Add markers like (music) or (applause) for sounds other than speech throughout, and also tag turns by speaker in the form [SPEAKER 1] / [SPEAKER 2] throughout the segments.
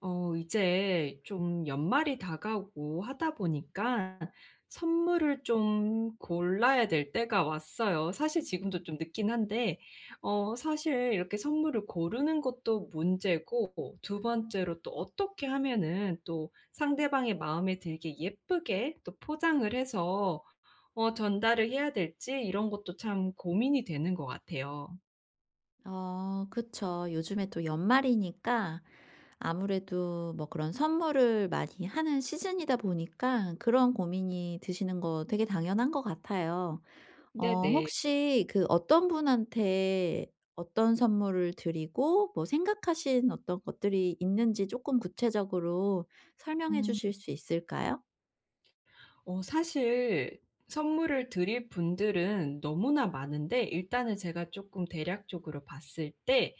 [SPEAKER 1] 어 이제 좀 연말이 다가오고 하다 보니까 선물을 좀 골라야 될 때가 왔어요. 사실 지금도 좀 늦기는 한데 어 사실 이렇게 선물을 고르는 것도 문제고 2 번째로 또 어떻게 하면은 또 상대방의 마음에 들게 예쁘게 또 포장을 해서 어 전달을 해야 될지 이런 것도 참 고민이 되는 것 같아요.
[SPEAKER 2] 아 그쵸. 요즘에 또 연말이니까 아무래도 뭐 그런 선물을 많이 하는 시즌이다 보니까 그런 고민이 드시는 거 되게 당연한 것 같아요. 어
[SPEAKER 1] 네네.
[SPEAKER 2] 혹시 그 어떤 분한테 어떤 선물을 드리고 뭐 생각하신 어떤 것들이 있는지 쪼끔 구체적으로 설명해
[SPEAKER 1] 음.
[SPEAKER 2] 주실 수 있을까요?
[SPEAKER 1] 어 사실 선물을 드릴 분들은 너무나 많은데 일단은 제가 쪼끔 대략적으로 봤을 때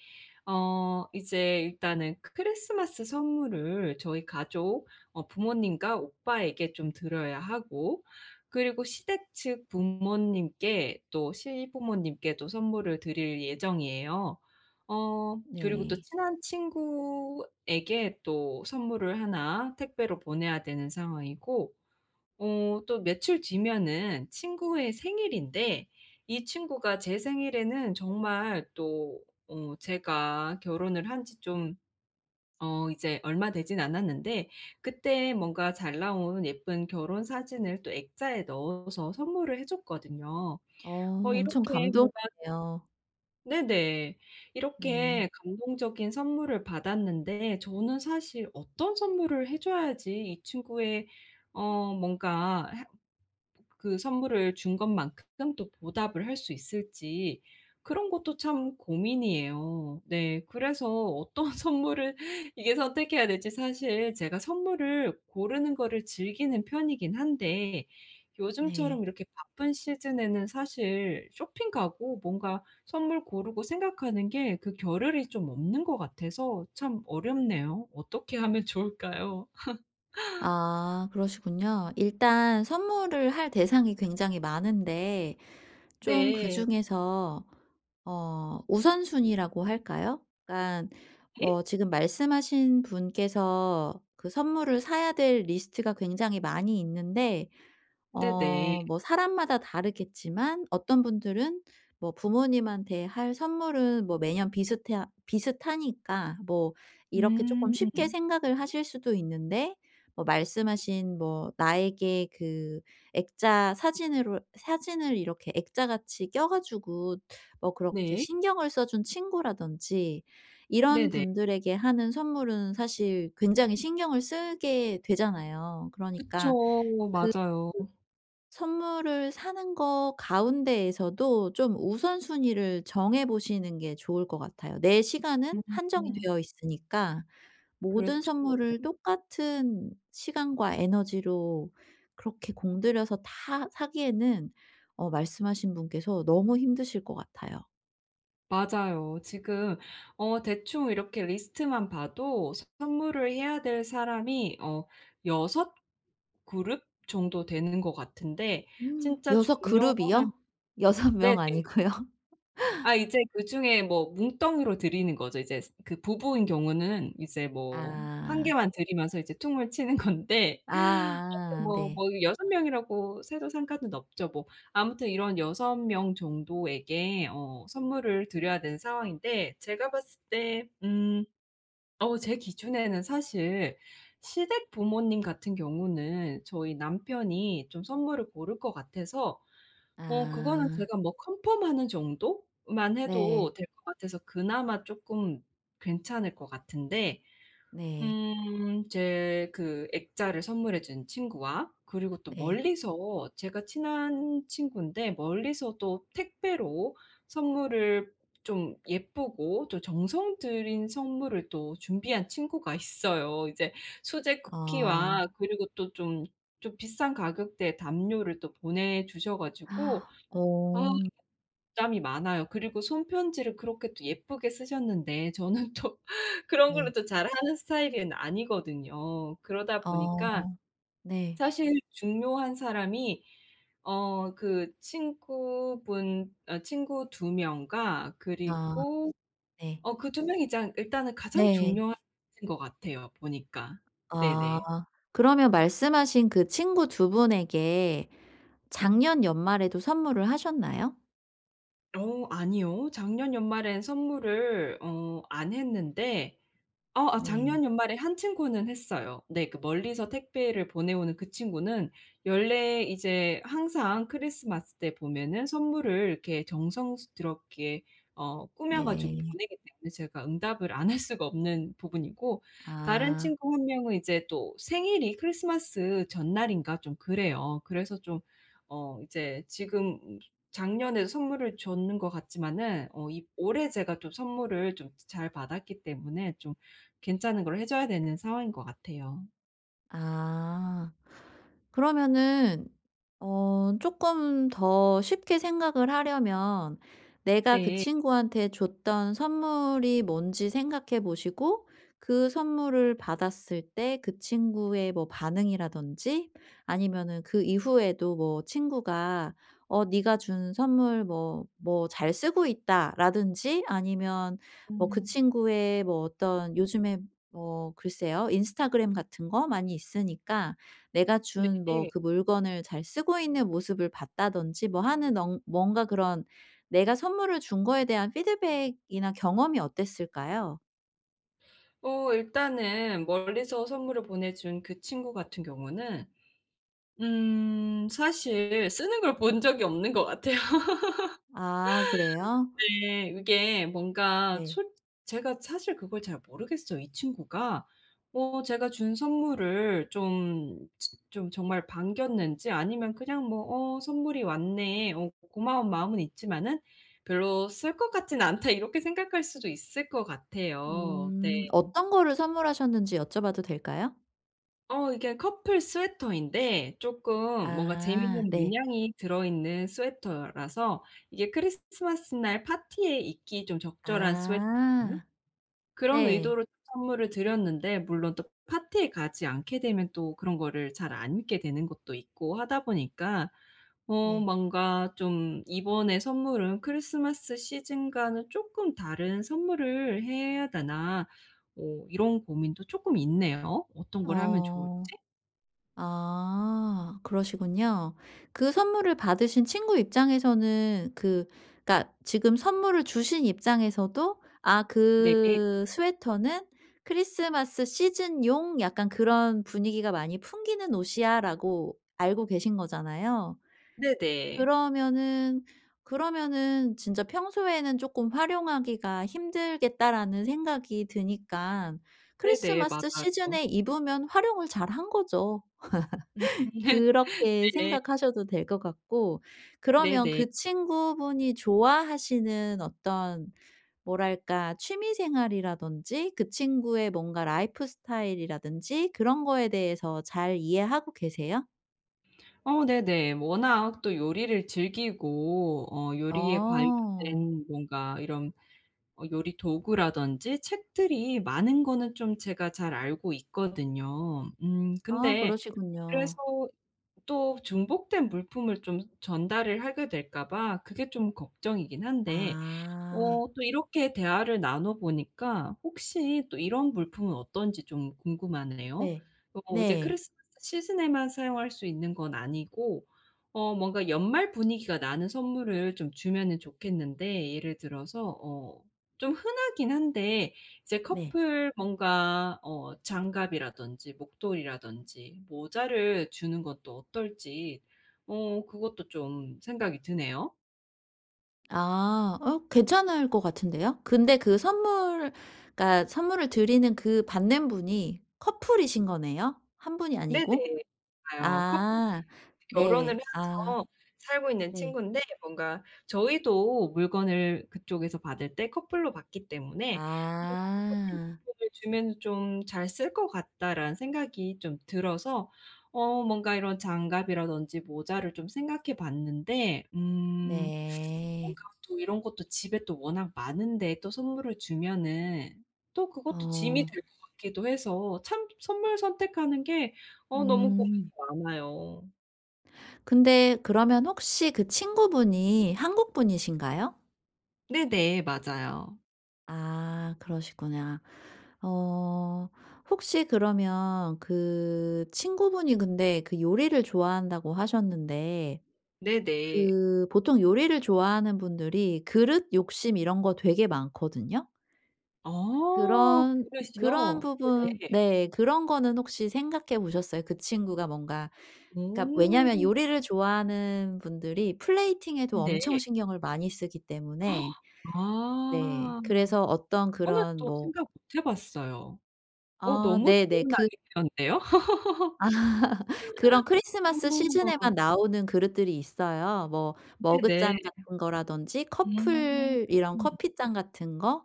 [SPEAKER 1] 어 이제 일단은 크 크리스마스 선물을 저희 가족 어 부모님과 오빠에게 좀 드려야 하고 그리고 시댁 측 부모님께 또 시부모님께도 선물을 드릴 예정이에요. 어 그리고 또
[SPEAKER 2] 네.
[SPEAKER 1] 친한 친구에게 또 선물을 하나 택배로 보내야 되는 상황이고 어 또 며칠 뒤면은 친구의 생일인데 이 친구가 제 생일에는 정말 또 어 제가 결혼을 한지 좀 어 이제 얼마 되지는 않았는데 그때 뭔가 잘 나온 예쁜 결혼 사진을 또 액자에 넣어서 선물을 해 줬거든요.
[SPEAKER 2] 어.
[SPEAKER 1] 어
[SPEAKER 2] 엄청
[SPEAKER 1] 이렇게 뭐가
[SPEAKER 2] 감동이에요.
[SPEAKER 1] 네네.
[SPEAKER 2] 네.
[SPEAKER 1] 이렇게 감동적인 선물을 받았는데 저는 사실 어떤 선물을 해 줘야지 이 친구의 어 뭔가 해 그 선물을 준 것만큼 또 보답을 할 수 있을지 그런 것도 참 고민이에요. 네. 그래서 어떤 선물을 이게 선택해야 될지 사실 제가 선물을 고르는 거를 즐기는 편이기는 한데
[SPEAKER 2] 네.
[SPEAKER 1] 요즘처럼 이렇게 바쁜 시즌에는 사실 쇼핑 가고 뭔가 선물 고르고 생각하는 게 그 겨를이 좀 없는 것 같아서 참 어렵네요. 어떻게 하면 좋을까요? (laughs)
[SPEAKER 2] 아 그러시군요. 일단 선물을 할 대상이 굉장히 많은데 좀
[SPEAKER 1] 네.
[SPEAKER 2] 그중에서 어 우선순위라고 할까요? 그러니까
[SPEAKER 1] 예?
[SPEAKER 2] 뭐 지금 말씀하신 분께서 그 선물을 사야 될 리스트가 굉장히 많이 있는데 어
[SPEAKER 1] 네네.
[SPEAKER 2] 뭐 사람마다 다르겠지만 어떤 분들은 뭐 부모님한테 할 선물은 뭐 매년 비슷해 비슷하니까 뭐 이렇게 쪼끔 쉽게
[SPEAKER 1] 음.
[SPEAKER 2] 생각을 하실 수도 있는데 뭐 말씀하신 뭐 나에게 그 액자 사진으로 사진을 이렇게 액자같이 껴 가지고 뭐 그렇게
[SPEAKER 1] 네.
[SPEAKER 2] 신경을 써 준 친구라든지 이런
[SPEAKER 1] 네네.
[SPEAKER 2] 분들에게 하는 선물은 사실 굉장히 신경을 쓰게 되잖아요. 그러니까 그
[SPEAKER 1] 그쵸. 맞아요.
[SPEAKER 2] 그 선물을 사는 것 가운데에서도 좀 우선순위를 정해 보시는 게 좋을 것 같아요. 내 시간은 한정이
[SPEAKER 1] 음.
[SPEAKER 2] 되어 있으니까 모든
[SPEAKER 1] 그렇죠.
[SPEAKER 2] 선물을 똑같은 시간과 에너지로 그렇게 공들여서 다 사기에는 어 말씀하신 분께서 너무 힘드실 것 같아요.
[SPEAKER 1] 맞아요. 지금 어 대충 이렇게 리스트만 봐도 선물을 해야 될 사람이 어 6 그룹 정도 되는 것 같은데
[SPEAKER 2] (gasps)
[SPEAKER 1] 진짜
[SPEAKER 2] 6
[SPEAKER 1] 중요한
[SPEAKER 2] 그룹이요? 6
[SPEAKER 1] 네네.
[SPEAKER 2] 명 아니고요?
[SPEAKER 1] 아
[SPEAKER 2] (laughs)
[SPEAKER 1] 이제 그중에 뭐 뭉텅이로 드리는 거죠. 이제 스 그 부부인 경우는 이제 뭐 1
[SPEAKER 2] 아.
[SPEAKER 1] 개만 드리면서 이제 퉁을 치는 건데 아무튼
[SPEAKER 2] 아아
[SPEAKER 1] 뭐
[SPEAKER 2] 네.
[SPEAKER 1] 뭐 6 명이라고 세도 상관은 없죠, 뭐. 아무튼 이런 6 명 정도에게 어 선물을 드려야 되는 상황인데 제가 봤을 때 음 어 제 기준에는 사실 시댁 부모님 같은 경우는 저희 남편이 좀 선물을 고를 것 같아서 어 그거는
[SPEAKER 2] 아.
[SPEAKER 1] 제가 뭐 컨펌하는 정도만
[SPEAKER 2] 네.
[SPEAKER 1] 해도 될 것 같아서 그나마 쪼끔 괜찮을 것 같은데,
[SPEAKER 2] 네.
[SPEAKER 1] 음, 제 그 액자를 선물해 준 친구와 그리고 또
[SPEAKER 2] 네
[SPEAKER 1] 멀리서 제가 친한 친구인데 멀리서 또 택배로 선물을 좀 예쁘고 또 정성 들인 선물을 또 준비한 친구가 있어요. 이제 수제
[SPEAKER 2] 아.
[SPEAKER 1] 쿠키와 그리고 또 좀 좀 비싼 가격대에 담요를 또 보내주셔 가지고
[SPEAKER 2] (gasps)
[SPEAKER 1] 아
[SPEAKER 2] 어.
[SPEAKER 1] 부담이 많아요. 그리고 손 편지를 그렇게 또 예쁘게 쓰셨는데 저는 또 그런 걸로
[SPEAKER 2] 네.
[SPEAKER 1] 또 잘하는 스타일은 아니거든요. 그러다 보니까
[SPEAKER 2] 어 네.
[SPEAKER 1] 사실 중요한 사람이 어 그 친구분 어 친구 2 명과
[SPEAKER 2] 아
[SPEAKER 1] 그리고
[SPEAKER 2] 네.
[SPEAKER 1] 어 그 2 명이 장 일단은 가장
[SPEAKER 2] 네.
[SPEAKER 1] 중요한 (unintelligible) 것 같아요, 보니까.
[SPEAKER 2] 아.
[SPEAKER 1] 네네.
[SPEAKER 2] 그러면 말씀하신 그 친구 2 분에게 작년 연말에도 선물을 하셨나요?
[SPEAKER 1] 어 아니요. 작년 연말에는 선물을 어 안 했는데 어 아
[SPEAKER 2] 네.
[SPEAKER 1] 작년 연말에 1 친구는 했어요. 네 그 멀리서 택배를 보내오는 그 친구는 연례 이제 항상 크리스마스 때 보면은 선물을 이렇게 정성스럽게 어 꾸며 가지고
[SPEAKER 2] 네.
[SPEAKER 1] 보내기 때문에 제가 응답을 안 할 수가 없는 부분이고 다른
[SPEAKER 2] 아.
[SPEAKER 1] 친구 1 명은 이제 또 생일이 크리스마스 전날인가 좀 그래요. 그래서 좀 어 이제 지금 음 작년에 선물을 줬는 것 같지만은 어 이 올해 제가 또 선물을 좀 즈 잘 받았기 때문에 좀 괜찮은 걸 해 줘야 되는 상황인 것 같아요.
[SPEAKER 2] 아. 그러면은 어 쪼끔 더 쉽게 생각을 하려면 내가 그
[SPEAKER 1] 네.
[SPEAKER 2] 친구한테 줬던 선물이 뭔지 생각해 보시고 그 선물을 받았을 때 그 친구의 뭐 반응이라든지 아니면은 그 이후에도 뭐 친구가 "어 네가 준 선물 뭐 뭐 잘 쓰고 있다."라든지 아니면 뭐 그
[SPEAKER 1] 음.
[SPEAKER 2] 친구의 뭐 어떤 요즘에 뭐 글쎄요 인스타그램 같은 거 많이 있으니까 내가 준 뭐
[SPEAKER 1] 네.
[SPEAKER 2] 그 물건을 잘 쓰고 있는 모습을 봤다든지 뭐 하는 언 뭔가 그런 내가 선물을 준 거에 대한 피드백이나 경험이 어땠을까요?
[SPEAKER 1] 어 일단은 멀리서 선물을 보내 준 그 친구 같은 경우는 음 사실 쓰는 걸 본 적이 없는 것 같아요.
[SPEAKER 2] 아
[SPEAKER 1] (laughs)
[SPEAKER 2] 그래요?
[SPEAKER 1] 네. 이게 뭔가
[SPEAKER 2] 네.
[SPEAKER 1] 솔 제가 사실 그걸 잘 모르겠어요. 이 친구가 어 제가 준 선물을 좀 츠 좀 정말 반겼는지 아니면 그냥 뭐 '어 선물이 왔네. 어 고마운 마음은 있지만은 별로 쓸 것 같지는 않다.' 이렇게 생각할 수도 있을 것 같아요. 네.
[SPEAKER 2] 음. 어떤 거를 선물하셨는지 여쭤봐도 될까요?
[SPEAKER 1] 어 이게 커플 스웨터인데 쪼끔 뭔가
[SPEAKER 2] 아
[SPEAKER 1] 재미있는
[SPEAKER 2] 네.
[SPEAKER 1] 문양이 들어있는 스웨터라서 이게 크리스 스마스 날 파티에 입기 좀 적절한 스웨터거든요.
[SPEAKER 2] 아.
[SPEAKER 1] 그런
[SPEAKER 2] 네.
[SPEAKER 1] 의도로 선물을 드렸는데 물론 또 파티에 가지 않게 되면 또 그런 거를 잘 안 입게 되는 것도 있고 하다 보니까 어 뭔가 좀 '이번에 선물은 크리스마스 시즌과는 쪼끔 다른 선물을 해야 되나?' 뭐 이런 고민도 쪼끔 있네요 어떤 걸 하면 좋을지.
[SPEAKER 2] 어. 아 그러시군요. 그 선물을 받으신 친구 입장에서는 그 그러니까 지금 선물을 주신 입장에서도 '아
[SPEAKER 1] 네.
[SPEAKER 2] 그 스웨터는 크리스마스 시즌용 약간 그런 분위기가 많이 풍기는 옷이야.'라고 알고 계신 거잖아요.
[SPEAKER 1] 네네.
[SPEAKER 2] 그러면은 그러면은 진짜 '평소에는 쪼끔 활용하기가 힘들겠다.'라는 생각이 드니깐
[SPEAKER 1] 네네.
[SPEAKER 2] 크리스마스
[SPEAKER 1] 맞아요.
[SPEAKER 2] 시즌에 입으면 활용을 잘한 거죠.
[SPEAKER 1] 음.
[SPEAKER 2] (laughs)
[SPEAKER 1] (laughs)
[SPEAKER 2] 그렇게
[SPEAKER 1] 네.
[SPEAKER 2] 생각하셔도 될 것 같고 그러면
[SPEAKER 1] 네네.
[SPEAKER 2] 그 친구분이 좋아하시는 어떤 뭐랄까 취미 생활이라든지 그 친구의 뭔가 라이프스타일이라든지 그런 거에 대해서 잘 이해하고 계세요?
[SPEAKER 1] 어 네네. 뭐 워낙 또 요리를 즐기고 어 요리에
[SPEAKER 2] 어.
[SPEAKER 1] 관련된 뭔가 이런 어 요리 도구라든지 책들이 많은 거는 좀 제가 잘 알고 있거든요. 음
[SPEAKER 2] 아
[SPEAKER 1] 근데 그래서
[SPEAKER 2] 그러시군요.
[SPEAKER 1] 또 중복된 물품을 좀 전달을 하게 될까 봐 그게 좀 걱정이기는 한데
[SPEAKER 2] 아.
[SPEAKER 1] 어 또 이렇게 대화를 나눠보니까 혹시 또 이런 물품은 어떤지 좀 궁금하네요.
[SPEAKER 2] 네.
[SPEAKER 1] 어 이제
[SPEAKER 2] 네.
[SPEAKER 1] 크리스마스 시즌에만 사용할 수 있는 건 아니고 어 뭔가 연말 분위기가 나는 선물을 좀 주면은 좋겠는데 예를 들어서 어 좀 흔하기는 한데 이제
[SPEAKER 2] 네.
[SPEAKER 1] 커플 뭔가 어 장갑이라든지 목도리라든지 모자를 주는 것도 어떨지 어 그것도 좀 생각이 드네요.
[SPEAKER 2] 아. 어 괜찮을 것 같은데요. 근데 그 선물 그러니까 선물을 드리는 그 받는 분이 커플이신 거네요 1 분이
[SPEAKER 1] 네네.
[SPEAKER 2] 아니고?
[SPEAKER 1] 아요. 커플이에요.
[SPEAKER 2] 아
[SPEAKER 1] 결혼을
[SPEAKER 2] 네. 아.
[SPEAKER 1] 해서 살고 있는
[SPEAKER 2] 네.
[SPEAKER 1] 친구인데 뭔가 저희도 물건을 그쪽에서 받을 때 커플로 받기 때문에 (unintelligible) '커플
[SPEAKER 2] 아.
[SPEAKER 1] 물품을 주면 좀 잘 쓸 것 같다.'라는 생각이 좀 들어서 어 뭔가 이런 장갑이라든지 모자를 좀 생각해 봤는데 음 (sucks teeth)
[SPEAKER 2] 네.
[SPEAKER 1] 뭔가 또 이런 것도 집에 또 워낙 많은데 또 선물을 주면은 또 그것도 짐이
[SPEAKER 2] 어.
[SPEAKER 1] 될 것 같기도 해서 참 선물 선택하는 게 어 너무 고민이
[SPEAKER 2] 음.
[SPEAKER 1] 많아요.
[SPEAKER 2] 근데 그러면 혹시 그 친구분이 한국분이신가요?
[SPEAKER 1] 네네. 맞아요.
[SPEAKER 2] 아 그러시구나. 어 혹시 그러면 그 친구분이 근데 그 요리를 좋아한다고 하셨는데
[SPEAKER 1] 네네.
[SPEAKER 2] 그 보통 요리를 좋아하는 분들이 그릇 욕심 이런 거 되게 많거든요.
[SPEAKER 1] 어
[SPEAKER 2] 그런 그런
[SPEAKER 1] 그릇이요?
[SPEAKER 2] 부분
[SPEAKER 1] 네네.
[SPEAKER 2] 네. 그런 거는 혹시 생각해 보셨어요? 그 친구가 뭔가 그러니까 왜냐하면
[SPEAKER 1] 음.
[SPEAKER 2] 요리를 좋아하는 분들이 플레이팅에도
[SPEAKER 1] 네.
[SPEAKER 2] 엄청 신경을 많이 쓰기 때문에
[SPEAKER 1] (gasps)
[SPEAKER 2] 네.
[SPEAKER 1] 아.
[SPEAKER 2] 그래서 어떤
[SPEAKER 1] 그거는
[SPEAKER 2] 그런
[SPEAKER 1] 또
[SPEAKER 2] 뭐
[SPEAKER 1] 생각 못 해 봤어요. 어
[SPEAKER 2] 아
[SPEAKER 1] 너무 좋은
[SPEAKER 2] 네네. 그
[SPEAKER 1] 아이디어인데요?
[SPEAKER 2] (laughs) 그런 크리스마스
[SPEAKER 1] (laughs) 어.
[SPEAKER 2] 시즌에만 나오는 그릇들이 있어요. 뭐
[SPEAKER 1] 네네.
[SPEAKER 2] 머그잔 같은 거라든지 커플 이런
[SPEAKER 1] 음.
[SPEAKER 2] 커피잔 같은 거?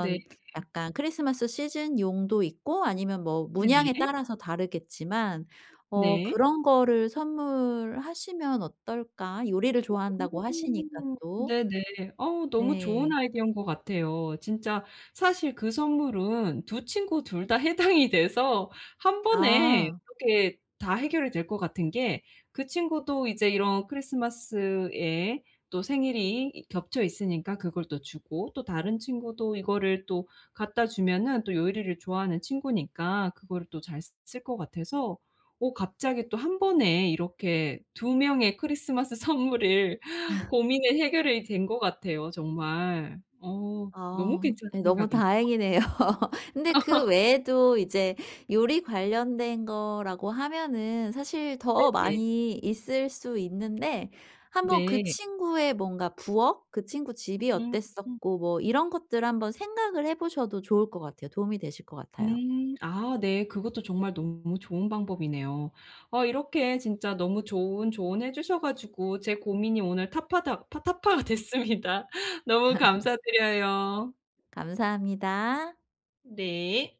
[SPEAKER 1] 네.
[SPEAKER 2] 약간 크리스마스 시즌용도 있고 아니면 뭐 문양에
[SPEAKER 1] 네네.
[SPEAKER 2] 따라서 다르겠지만 '어
[SPEAKER 1] 네.
[SPEAKER 2] 그런 거를 선물하시면 어떨까?' 요리를
[SPEAKER 1] 어.
[SPEAKER 2] 좋아한다고 하시니까 또.
[SPEAKER 1] 네네. 어우 너무 좋은
[SPEAKER 2] 네.
[SPEAKER 1] 아이디어인 것 같아요. 진짜 사실 그 선물은 2 친구 2 다 해당이 돼서 1 번에
[SPEAKER 2] 아.
[SPEAKER 1] 이렇게 다 해결이 될 것 같은 게 그 친구도 이제 이런 크리스마스에 또 생일이 이 겹쳐 있으니까 그걸 또 주고 또 다른 친구도 이거를 또 갖다주면은 또 요리를 좋아하는 친구니까 그거를 또 잘 쓰 쓸 것 같아서 어 갑자기 또 1 번에 이렇게 2 명의 크리스마스 선물을
[SPEAKER 2] (laughs)
[SPEAKER 1] 고민의 해결이 된 것 같아요 정말. 어 너무
[SPEAKER 2] 아.
[SPEAKER 1] 괜찮은
[SPEAKER 2] 네 너무
[SPEAKER 1] 생각인데요.
[SPEAKER 2] 다행이네요. (laughs) 근데 그
[SPEAKER 1] (laughs)
[SPEAKER 2] 외에도 이제 요리 관련된 거라고 하면은 사실 더
[SPEAKER 1] 네네.
[SPEAKER 2] 많이 있을 수 있는데 한번 그
[SPEAKER 1] 네.
[SPEAKER 2] 친구의 뭔가 부엌, 그 친구 집이
[SPEAKER 1] 음.
[SPEAKER 2] 어땠었고 뭐 이런 것들을 한번 생각을 해 보셔도 좋을 것 같아요. 도움이 되실 것 같아요.
[SPEAKER 1] 음. 아 네. 그것도 정말 너무 좋은 방법이네요. 어 이렇게 진짜 너무 좋은 조언해 주셔 가지고 제 고민이 오늘 탑파닥 파 타파가 됐습니다. 너무
[SPEAKER 2] (laughs)
[SPEAKER 1] 감사드려요.
[SPEAKER 2] 감사합니다.
[SPEAKER 1] 네.